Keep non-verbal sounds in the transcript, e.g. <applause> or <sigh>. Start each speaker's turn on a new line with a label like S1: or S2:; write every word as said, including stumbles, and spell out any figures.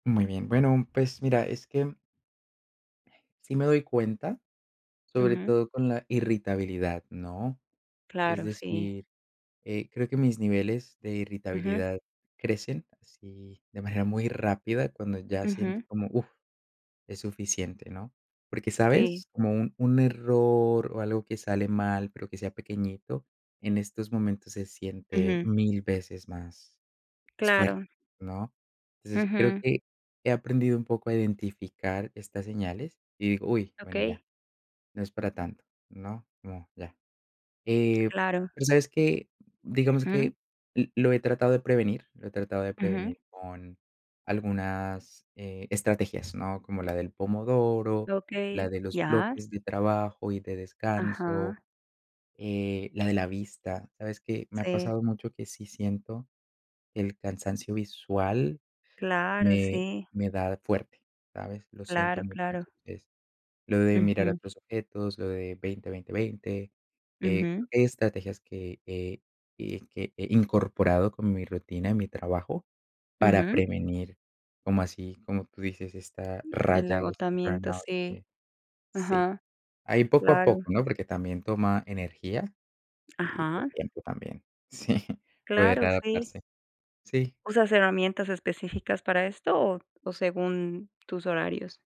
S1: Muy bien, bueno, pues mira, es que sí me doy cuenta, sobre
S2: Ujú.
S1: todo con la irritabilidad, ¿no?, es
S2: Claro, sí.
S1: decir, eh, creo que mis niveles de
S2: Ujú.
S1: irritabilidad crecen así de manera muy rápida cuando ya siento
S2: Ujú.
S1: como, uf, es suficiente, ¿no?, porque,
S2: Sí.
S1: ¿sabes? Como un un error o algo que sale mal, pero que sea pequeñito, en estos momentos se siente
S2: Ujú.
S1: mil veces más más fuerte,
S2: Claro.
S1: ¿no?, entonces creo
S2: Ujú.
S1: que he aprendido un poco a identificar estas señales y digo, uy, bueno,
S2: Okey.
S1: ya, no es para tanto, ¿no?, como ya, eh,
S2: Claro.
S1: pero, ¿sabes qué? Digamos
S2: Ujú.
S1: que lo he tratado de prevenir lo he tratado de
S2: Ujú.
S1: prevenir con algunas, eh, estrategias, ¿no?, como la del pomodoro, la
S2: Okey,
S1: de los
S2: ya.
S1: bloques de trabajo y de descanso,
S2: Ajá.
S1: eh, la de la vista, ¿sabes qué? Me ha
S2: Sí.
S1: pasado mucho que sí siento que el cansancio visual
S2: Claro,
S1: me
S2: sí.
S1: me da fuerte, ¿sabes? Lo siento
S2: Claro
S1: mucho,
S2: claro.
S1: entonces, lo de mirar
S2: Ujú.
S1: otros objetos, lo de veinte veinte veinte, eh,
S2: Ujú.
S1: estrategias que que- que he incorporado con mi rutina, en mi trabajo, para
S2: Ujú.
S1: prevenir, como así, como tú dices, esta
S2: El
S1: raya o este
S2: agotamiento,
S1: burnout
S2: sí,
S1: eh, sí,
S2: ajá,
S1: ahí poco a
S2: claro.
S1: poco, ¿no?, porque también toma energía y, pues,
S2: Ajá.
S1: tiempo también, sí, <chuckles> puede
S2: Claro, sí.
S1: readaptarse, sí.
S2: ¿Usas herramientas específicas para esto o o según tus horarios?